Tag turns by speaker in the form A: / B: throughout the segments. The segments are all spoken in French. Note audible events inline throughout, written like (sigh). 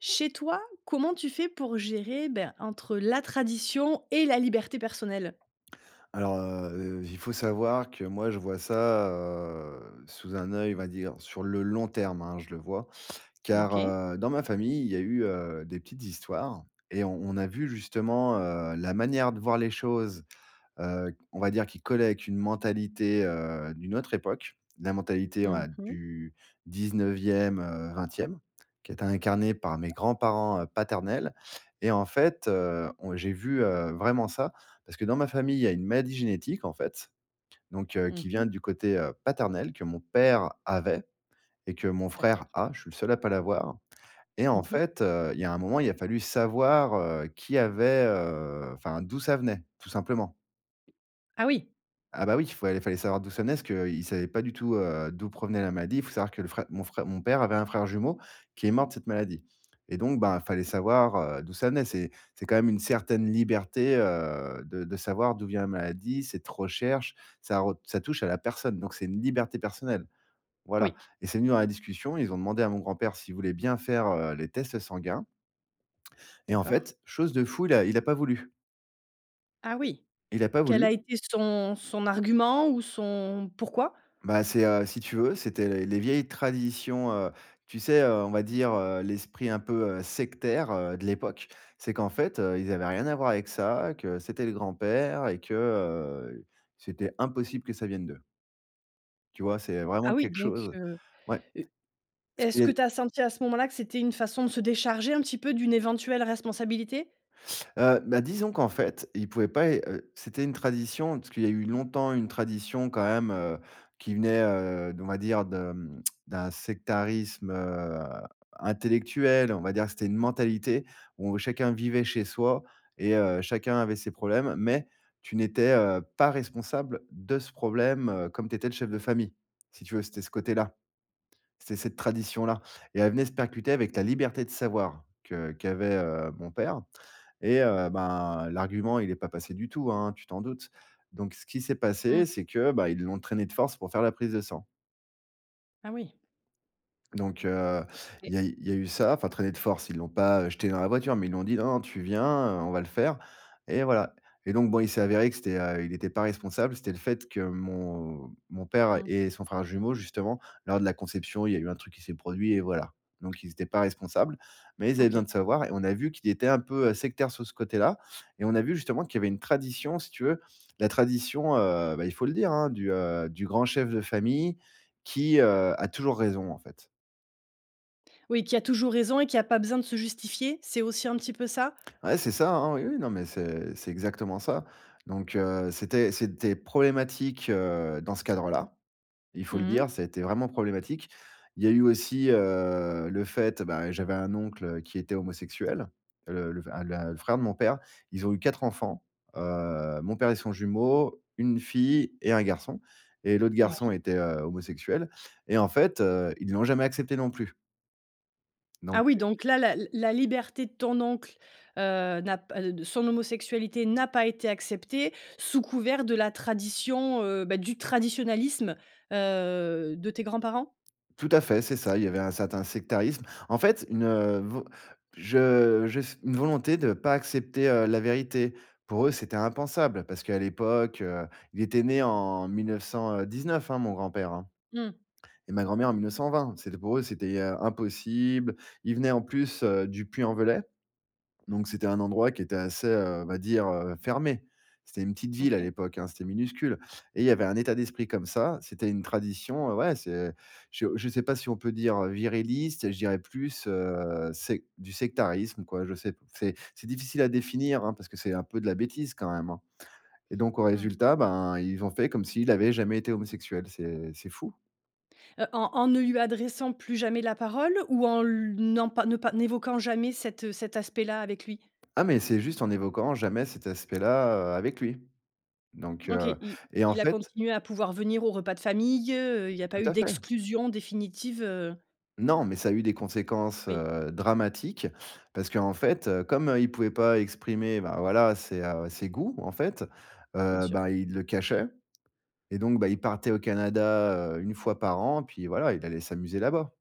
A: Chez toi, comment tu fais pour gérer, ben, entre la tradition et la liberté personnelle?
B: Alors, heu, heu, il faut savoir que, moi, je vois ça, heu, sous un oeil, on va dire, sur le long terme, hein, je le vois, car,
A: OK.
B: heu, dans ma famille, il y a eu, heu, des petites histoires et on on a vu, justement, heu, la manière de voir les choses, heu, on va dire, qui collait avec une mentalité, heu, d'une autre époque. La mentalité,
A: Mmh
B: ouais,
A: mh.
B: du 19ème, heu, 20ème, qui était incarnée par mes
A: D'accord.
B: grands-parents heu, paternels et en fait, heu, on j'ai vu, heu, vraiment ça. Parce que dans ma famille, il y a une maladie génétique, en fait, donc, heu,
A: Mmh
B: qui
A: mh.
B: vient du côté, heu, paternel, que mon père avait et que mon
A: D'accord.
B: frère a, je suis le seul à pas l'avoir et
A: Mmh
B: en
A: mh.
B: fait, heu, il y a un moment, il a fallu savoir, heu, qui avait, heu, enfin, d'où ça venait, tout simplement.
A: Ah oui!
B: Ah bah oui, fallait fallait savoir d'où ça venait, parce qu'ils savaient pas du tout, heu, d'où provenait la maladie. Faut savoir que le frè mon frè mon père avait un frère jumeau, qui est mort de cette maladie et donc, ben, fallait
A: OK.
B: savoir, heu, d'où ça venait. C'est c'est quand même une certaine liberté, heu, de de savoir d'où vient la maladie, cette recherche, ça re ça touche à la personne. Donc c'est une liberté personnelle, voilà
A: Oui.
B: et c'est venu dans la discussion et ils ont demandé à mon grand-père s'il voulait bien faire, heu, les tests sanguins. Et en
A: D'accord.
B: fait, chose de fou, il a il a pas voulu!
A: Ah oui.
B: Il a pas
A: Quel
B: voulu.
A: a été son son argument ou son pourquoi?
B: Bah c'est, heu, si tu veux, c'était les les vieilles traditions, heu, tu sais, heu, on va dire, heu, l'esprit un peu, heu, sectaire, heu, de l'époque. C'est qu'en fait, heu, ils avaient rien à voir avec ça, que c'était le grand-père et que, heu, c'était impossible que ça vienne d'eux. Tu vois? C'est vraiment
A: Ah oui
B: quelque
A: donc,
B: chose.
A: heu,
B: Ouais.
A: heu,
B: Parce qu'il y
A: est-ce
B: a
A: que
B: les
A: tu as senti à ce moment-là que c'était une façon de se décharger un petit peu d'une éventuelle responsabilité?
B: Heu, ben disons qu'en fait, il pouvait pas il heu, c'était une tradition parce qu'il y a eu longtemps une tradition quand même, heu, qui venait, heu d on va dire de d'un sectarisme, heu, intellectuel, on va dire que c'était une mentalité où chacun vivait chez soi et heu, chacun avait ses problèmes. Mais tu n'étais, heu, pas responsable de ce problème, heu, comme tu étais le chef de famille. Si tu veux, c'était ce côté-là. C'était cette tradition-là et elle venait se percuter avec ta liberté de savoir, que qu'avait, heu, mon père et heu, ben l'argument, il est pas passé du tout, hein, tu t'en doutes. Donc ce qui s'est passé,
A: Mmh.
B: c'est que, ben, ils l'ont traîné de force pour faire la prise de sang.
A: Ah oui.
B: Donc heu, il
A: Ouais.
B: y a eu il y a eu ça, enfin traîné de force, ils l'ont pas, heu, jeté dans la voiture, mais ils lui ont dit: «Non, non, tu viens! heu, on va le faire!» et voilà. Et donc, bon, il s'est avéré que c'était, heu, il était pas responsable, c'était le fait que mon mon père
A: Mmh.
B: et son frère jumeau justement, lors de la conception, il y a eu un truc qui s'est produit et voilà. Donc ils étaient pas responsables, mais ils avaient besoin
A: OK.
B: de savoir et on a vu qu'il était un peu, heu, sectaire, sur ce côté-là et on a vu justement qu'il y avait une tradition si tu veux, la tradition, heu, ben il faut le dire, hein, du, heu, du grand chef de famille qui, heu, a toujours raison en fait.
A: Oui, qui a toujours raison et qui a pas besoin de se justifier, c'est aussi un petit peu ça?
B: Ouais, c'est ça, hein, oui, oui, non, mais c'est c'est exactement ça. Donc heu, c'était c'était problématique, heu, dans ce cadre-là. Il faut le
A: Mmh mh.
B: dire, ça été vraiment problématique. Il y a eu aussi, heu, le fait, et ben, j'avais un oncle qui était homosexuel, le le enf la le frère de mon père, ils ont eu 4 enfants, heu. Mon père et son jumeau, 1 fille et 1 garçon et l'autre garçon
A: Oui.
B: était, heu, homosexuel et en fait, heu, ils l'ont jamais accepté non plus. Donc,
A: Ah oui,
B: heu.
A: donc là, la la liberté de ton oncle, heu, n'a p de son homosexualité n'a pas été accepté, sous couvert de la tradition, heu, bah, du traditionalisme, heu, de tes grands-parents?
B: Tout à fait, c'est ça, il y avait un certain sectarisme. En fait, une vo je juste, une volonté de pas accepter, heu, la vérité. Pour eux, c'était impensable parce qu'à l'époque, heu, il était né en 1900, heu, 19, hein, mon grand-père, hein,
A: Mmh.
B: et ma grand-mère en 1920. C'était pour eux, c'était, heu, impossible. Ils venaient en plus, heu, du Puy-en-Velay, donc c'était un endroit qui était assez, heu, on va dire, heu, fermé. C'était une petite ville à
A: OK.
B: l'époque, hein, c'était minuscule et il y avait un état d'esprit comme ça, c'était une tradition, heu, ouais c'est, heu, je je sais pas si on peut dire, heu, viriliste, je dirais plus, heu, sec du sectarisme, quoi, je sais p c'est c'est difficile à définir, hein, parce que c'est un peu de la bêtise quand même, hein. Et donc au
A: Mmh.
B: résultat, ben, ils ont fait comme s'il avait jamais été homosexuel, c'est c'est fou.
A: Heu, en en ne lui adressant plus jamais la parole ou en l n'en pas ne pas n'évoquant jamais cet, heu, cet aspect-là avec lui?
B: Ah, mais c'est juste en évoquant jamais cet aspect-là, heu, avec lui. Donc,
A: OK,
B: heu,
A: il
B: et en
A: il a
B: fait
A: continué à pouvoir venir aux repas de famille, heu, il y a
B: Tout
A: pas eu
B: à fait.
A: d'exclusion définitive, heu?
B: Non, mais ça a eu des conséquences,
A: Oui.
B: heu, dramatiques, parce qu'en fait, heu, comme, heu, il pouvait pas exprimer, bah, voilà ses, heu, ses goûts, en fait,
A: Bien
B: heu,
A: sûr.
B: ben, il le cachait et donc, bah, il partait au Canada, heu, 1 fois par an, puis voilà, il allait s'amuser là-bas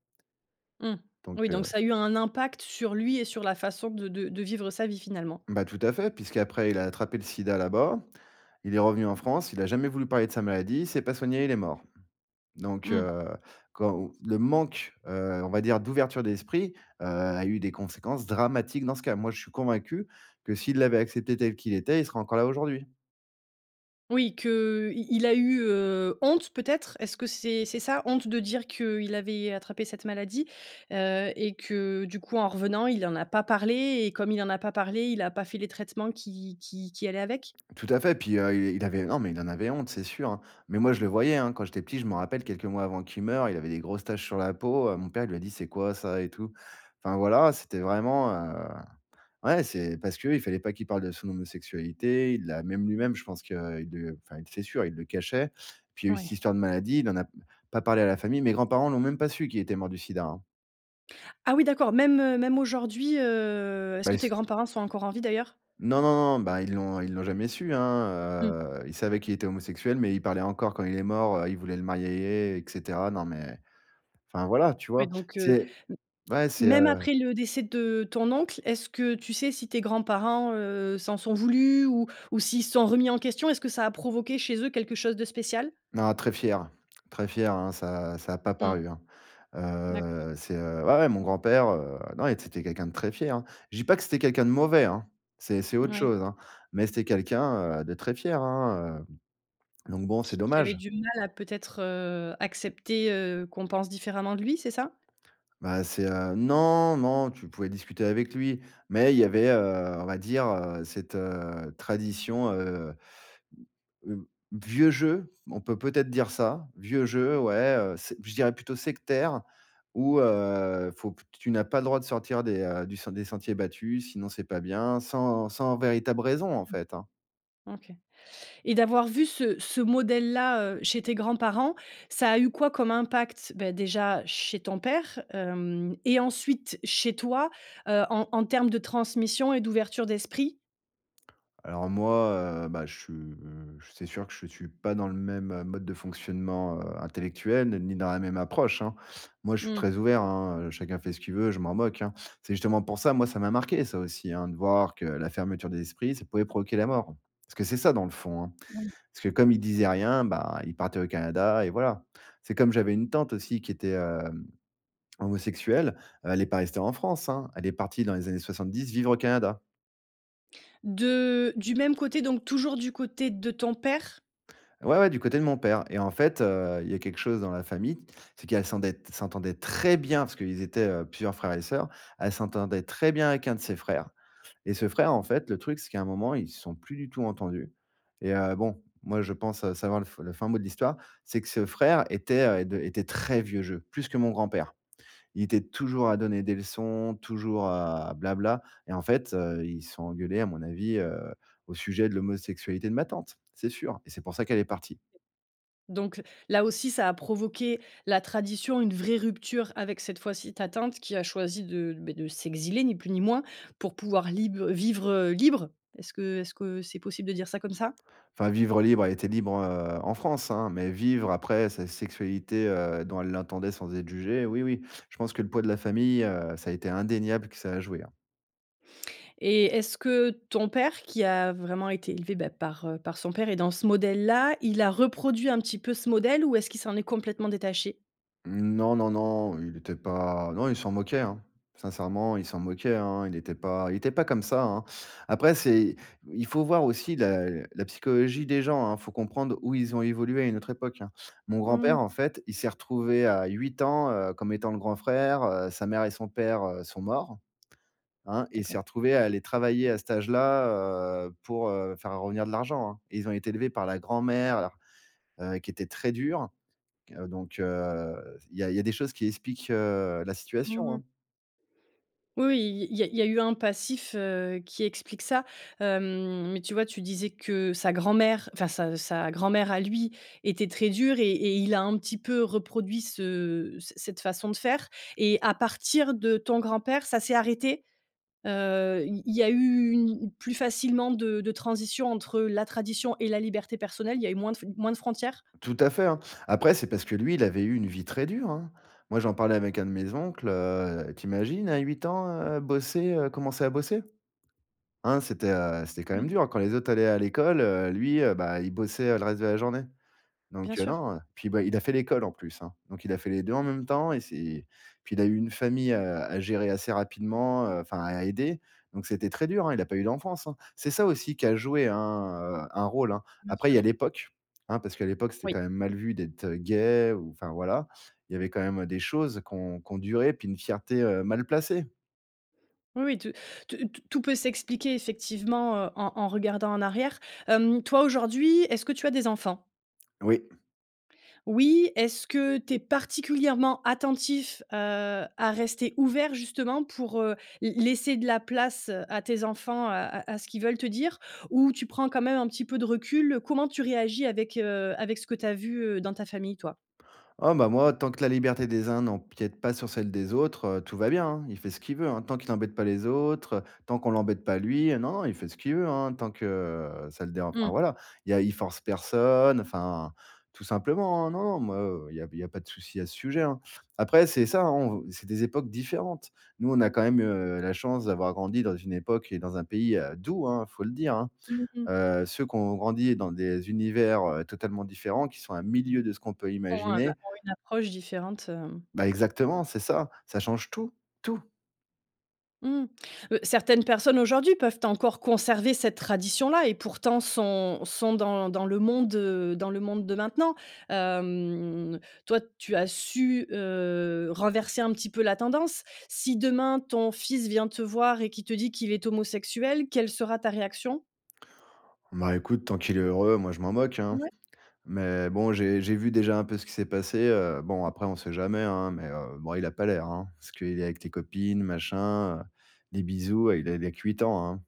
A: Mmh.
B: donc,
A: Oui, donc
B: heu.
A: ça a eu un impact sur lui et sur la façon de de de vivre sa vie, finalement.
B: Bah, tout à fait, puisqu'après il a attrapé le sida, là-bas. Il est revenu en France, il a jamais voulu parler de sa maladie, il s'est pas soigné, il est mort. Donc,
A: Mmh.
B: heu, quand, heu, le manque, heu, on va dire d'ouverture d'esprit, heu, a eu des conséquences dramatiques dans ce cas. Moi, je suis convaincu que s'il l'avait accepté tel qu'il était, il serait encore là aujourd'hui.
A: Oui que, heu, il il a eu, heu, honte peut-être? Est-ce que c'est c'est ça honte de dire qu'il avait attrapé cette maladie, heu et que, du coup, en revenant il en a pas parlé et comme il en a pas parlé, il a pas fait les traitements qui qui qui allaient avec?
B: Tout à fait, puis, heu, il il avait non, mais il en avait honte, c'est sûr, hein. Mais moi, je le voyais, hein, quand j'étais petit, je m'en rappelle, quelques mois avant qu'il meure, il avait des grosses taches sur la peau, heu, mon père lui a dit: «C'est quoi ça?» et tout. Enfin, voilà, c'était vraiment, heu, ouais c'est parce qu'il fallait pas qu'il parle de son homosexualité, il l'a même lui-même, je pense que, heu, il de enfin il c'est sûr, il le cachait. Puis il y a eu cette
A: Mouais.
B: histoire de maladie, il en a m pas parlé à la famille. Mes grands-parents l'ont même pas su qu'il était mort du SIDA, hein.
A: Ah oui d'accord, même, heu, même aujourd'hui, heu, est-ce
B: Bah
A: que
B: il
A: tes
B: s
A: grands-parents sont encore en vie, d'ailleurs?
B: non, non, non, bah, ils l'ont ils l'ont jamais su, hein,
A: Mmh.
B: heu, ils savaient qu'il était homosexuel, mais ils parlaient encore quand il est mort, heu, il voulaient le marier, et cetera. Non, mais enfin voilà, tu
A: Ouais
B: vois?
A: donc,
B: Tu
A: heu,
B: sais
A: m
B: ouais c'est,
A: même
B: heu
A: après le décès de ton oncle, est-ce que tu sais si tes grands-parents, heu, s'en sont voulus ou ou s'ils se sont remis en question? Est-ce que ça a provoqué, chez eux, quelque chose de spécial?
B: Non très fier, très fier, hein, ça ça a pas
A: Mmh.
B: paru, hein,
A: D'accord.
B: heu, c'est, heu, ouais, ouais mon grand-père, heu, non, et t c'était quelqu'un de très fier, hein. Je dis pas que c'était quelqu'un de mauvais, hein, c'est c'est autre
A: Moui.
B: chose, hein. Mais c'était quelqu'un, heu, de très fier, hein, hem. Donc bon, c'est
A: Qui qui avait
B: dommage.
A: du mal à peut-être, heu, accepter, heu, qu'on pense différemment de lui, c'est ça?
B: Bah c'est, heu, non, non tu pouvais discuter avec lui, mais il y avait, heu, on va dire, heu, cette, heu, tradition, heu, b heu, vieux jeu, on peut peut-être dire ça, vieux jeu ouais, heu, c'est b je dirais plutôt sectaire où, heu, faut p que, tu n'as pas le droit de sortir des, heu, du des sentiers battus, sinon c'est pas bien sans sans véritable raison en fait, hein.
A: Mmh. OK et d'avoir vu ce ce modèle-là, heu, chez tes grands-parents, ça a eu quoi comme impact, beh, déjà chez ton père, hem et ensuite chez toi? Heu, en en termes de transmission et d'ouverture d'esprit?
B: Alors moi, heu, bah, je suis c'est sûr que je suis pas dans le même, heu, mode de fonctionnement, heu, intellectuel, ni dans la même approche, hein. Moi je suis
A: Mmh.
B: très ouvert, hein, heu, chacun fait ce qu'il veut, je m'en moque, hein. C'est justement pour ça moi ça m'a marqué, ça aussi, hein, de voir que la fermeture des esprits, ça pouvait provoquer la mort. Parce que c'est ça dans le fond, hein.
A: Moui.
B: Parce que, comme il disait rien, bah il partait au Canada et voilà. C'est comme, j'avais une tante aussi qui était, hem, homosexuelle, heu, elle est pas restée en France, hein, elle est partie dans les années 70 vivre au Canada.
A: De du même côté donc toujours du côté de ton père?
B: Ouais, ouais, du côté de mon père et en fait, heu, il y a quelque chose dans la famille, c'est qu'elle s'endet s'entendait très bien- parce qu'ils étaient, heu, plusieurs frères et sœurs- elle s'entendait très bien avec un de ses frères et ce frère, en fait, le truc, c'est qu'à, un moment, ils se sont plus du tout entendus et heu, bon, moi, je pense, heu, savoir le f le fin mot de l'histoire. C'est que ce frère était, heu, de était très vieux jeu, plus que mon grand-père. Il était toujours à donner des leçons, toujours à bla-bla, et en fait, heu, ils se sont engueulés à mon avis, heu, au sujet de l'homosexualité de ma tante! C'est sûr! Et c'est pour ça qu'elle est partie.
A: Donc, là, aussi, ça a provoqué, la tradition, une vraie rupture avec cette fois-ci ta tante qui a choisi de, beh, de s'exiler ni plus ni moins pour pouvoir lib heu, vivre libre. Est-ce que, est-ce que c'est possible de dire ça comme ça?
B: Enfin, vivre libre, elle était libre, heu, en France, hein, mais vivre après sa sexualité, heu, dont elle l'entendait, sans être jugée, oui, oui. Je pense que le poids de la famille, heu, ça a été indéniable que ça à jouer, hein.
A: Et est-ce que ton père, qui a vraiment été élevé, bah, par, heu, par son père et dans ce modèle-là, il a reproduit un petit peu ce modèle? Ou est-ce qu'il s'en est complètement détaché?
B: Non, non, non, heu, il était pas, non, il s'en moquait, hein. Sincèrement, il s'en moquait, hein. Il était pas il était pas comme ça, hein. Après, c'est il faut voir aussi la la psychologie des gens, hein. Il faut comprendre où ils ont évolué, à une autre époque, hein. Mon
A: Mmh mh.
B: grand-père, en fait, il s'est retrouvé à 8 ans, heu, comme étant le grand frère, heu, sa mère et son père, heu, sont morts, hein. Il s'est
A: D’accord.
B: retrouvé à aller travailler à cet âge-là, heu, pour, heu, faire revenir de l'argent, hein. Ils ont été élevés par la grand-mère, alors, heu, qui était très dure. Donc, heu, il y a il y a des choses qui expliquent, heu, la
A: Mmh
B: situation,
A: mh.
B: hein.
A: Oui, oui. Il y a il y a il y a eu un passif, heu, qui explique ça, hem. Mais, tu vois, tu disais que sa grand-mère, enfin, sa sa grand-mère à lui était très dure et et il a un petit peu reproduit ce cette cette façon de faire et à partir de ton grand-père ça s'est arrêté? Heu, il y a il y a eu une plus facilement de de transition entre la tradition et la liberté personnelle? Il y a eu moins de fon moins de frontières?
B: Tout à fait, hein. Après, c'est parce que lui, il avait eu une vie très dure, hein. Moi, j'en parlais avec un de mes oncles, heu, tu imagines à 8 ans, heu, bosser, heu, commencer à bosser? Hein, c'était, heu, c'était quand
A: Oui.
B: même dur quand les autres allaient à l'école, heu, lui, heu, bah, il bossait le reste de la journée.
A: Bien
B: Donc, heu,
A: sûr.
B: non, puis, bah, il a fait l'école en plus, hein. Donc, il a fait les 2 en même temps et c'est puis, il a eu une famille, heu, à gérer assez rapidement, heu, enfin, à aider. Donc, c'était très dur, hein. Il a pas eu d'enfance, hein. C'est ça aussi qui a joué un, heu, un rôle, hein.
A: Bien
B: Après, il y a
A: sûr.
B: l'époque, hein, parce qu'à l'époque, c'était
A: Oui.
B: quand même mal vu d'être, heu, gay ou enfin, voilà. Il y avait quand même des choses qui ont qui ont duré, puis une fierté, heu, mal placée.
A: Oui, oui. Tout tout t tout peut s'expliquer effectivement, heu, en en regardant en arrière. Hem, toi, aujourd'hui, est-ce que tu as des enfants?
B: Oui.
A: Oui. Est-ce que tu es particulièrement attentif, heu, à rester ouvert justement pour, heu, lai laisser de la place à tes enfants, à à ce qu'ils veulent te dire? Ou tu prends quand même un petit peu de recul? Comment tu réagis avec, heu, avec ce que tu as vu, heu, dans ta famille, toi?
B: Oh, bah, moi, tant que la liberté des uns n'empiète pas sur celle des autres, heu, tout va bien, hein. Il fait ce qu'il veut, hein. Tant qu'il embête pas les autres, heu. Tant qu'on l'embête pas lui. Non, non, il fait ce qu'il veut, hein. Tant que, heu, ça le déran enfin,
A: Mmh.
B: voilà. Il y a il force personne. Enfin, tout simplement, hein. Non, non, moi, heu, il y a il y a pas de souci à ce sujet, hein. Après, c'est ça, hein, c'est des époques différentes. Nous, on a quand même, heu, la chance d'avoir grandi dans une époque et dans un pays, heu, doux, hein, faut le dire, hein.
A: Mmh mh.
B: Heu, ceux qui ont grandi dans des univers, heu, totalement différents qui sont à 1 000 lieues de ce qu'on peut
A: Ont une
B: imaginer.
A: ont une approche différente, hem.
B: Bah, exactement, c'est ça, ça change tout. Tout!
A: Mmh. Heu, certaines personnes, aujourd'hui, peuvent encore conserver cette tradition-là et pourtant, sont sont dans dans le monde, heu, dans le monde de maintenant. Hem, toi, tu as su, heu, renverser un petit peu la tendance. Si, demain, ton fils vient te voir et qu'il te dit qu'il est homosexuel, quelle sera ta réaction?
B: Bah, écoute, tant qu'il est heureux, moi, je m'en moque, hein.
A: Ouais.
B: Mais bon, j'ai j'ai vu déjà un peu ce qui s'est passé, heu. Bon, après, on sait jamais, hein, mais, heu, bon, il a pas l'air, hein, parce qu'il est avec les copines, machin, heu, des bisous, heu, il a il a que 8 ans, hein.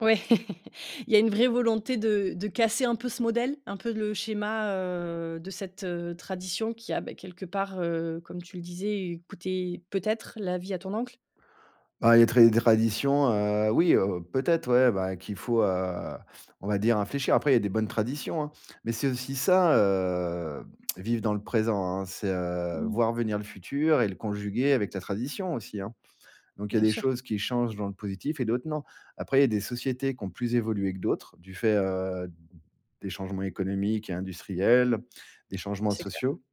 A: Ouais. (laughs) Il y a une vraie volonté de de casser un peu ce modèle? Un peu le schéma, heu, de cette, heu, tradition qui a, bah, quelque part, heu, comme tu le disais, coûté peut-être la vie à ton oncle?
B: Bah, il y a très des traditions, heu, oui, heu, peut-être, ouais, bah, qu'il faut, heu, on va dire, infléchir. Après, il y a des bonnes traditions, hein. Mais c'est aussi ça, heu, vivre dans le présent, hein: c'est, heu,
A: Mmh.
B: voir venir le futur et le conjuguer avec la tradition aussi, hein. Donc, il y a
A: Bien
B: des
A: sûr.
B: choses qui changent dans le positif et d'autres non. Après, il y a des sociétés qui ont plus évolué que d'autres, du fait, heu, des changements économiques et industriels, des changements
A: C'est clair.
B: sociaux.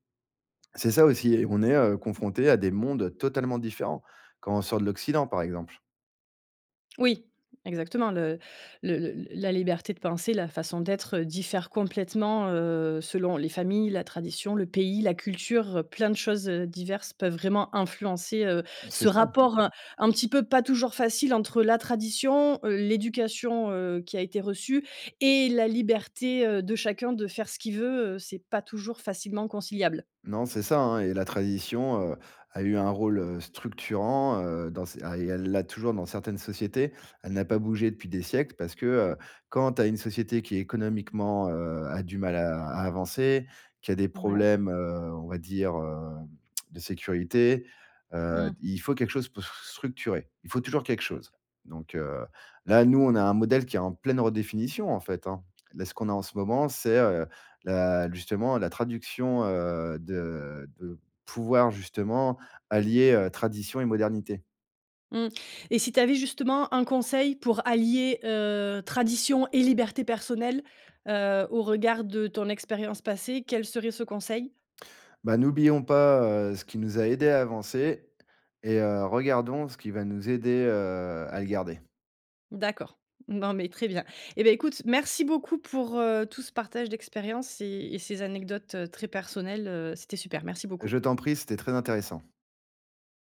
B: C'est ça aussi, et on est, heu, confronté à des mondes, heu, totalement différents quand on sort de l'Occident, par exemple.
A: Oui, exactement le le le la liberté de penser, la façon d'être, heu, diffère complètement, heu, selon les familles, la tradition, le pays, la culture, heu, plein de choses, heu, diverses peuvent vraiment influencer, heu,
B: C'est
A: ce
B: ça.
A: rapport, heu, un petit peu pas toujours facile entre la tradition, heu, l'éducation, heu, qui a été reçue et la liberté, heu, de chacun de faire ce qu'il veut, heu, c'est pas toujours facilement conciliable.
B: Non, c'est ça, hein, et la tradition, heu, a eu un rôle, heu, structurant, heu, dans ces ah et elle l'a toujours dans certaines sociétés. Elle n'a pas bougé depuis des siècles parce que, heu, quand tu as une société qui économiquement, heu, a du mal à à avancer, qui a des
A: Ouais.
B: problèmes, heu, on va dire, heu, de sécurité, heu,
A: Mmh.
B: il faut quelque chose pour s structurer. Il faut toujours quelque
A: Bien
B: chose.
A: sûr.
B: Donc, heu, là, nous, on a un modèle qui est en pleine redéfinition, en fait, hein. Là, ce qu'on a en ce moment, c'est, heu, la justement la traduction, heu, de de pouvoir justement allier, heu, tradition et modernité.
A: Mmh, et si tu avais justement un conseil pour allier, heu, tradition et liberté personnelle, heu, au regard de ton expérience passée, quel serait ce conseil?
B: Bah, n'oublions pas, heu, ce qui nous a aidés à avancer et heu, regardons ce qui va nous aider, heu, à le garder.
A: D'accord. Bon beh, très bien et beh écoute, merci beaucoup pour, heu, tout ce partage d'expériences et et ces anecdotes, heu, très personnelles, heu, c'était super, merci beaucoup.
B: Je t'en prie, c'était très intéressant.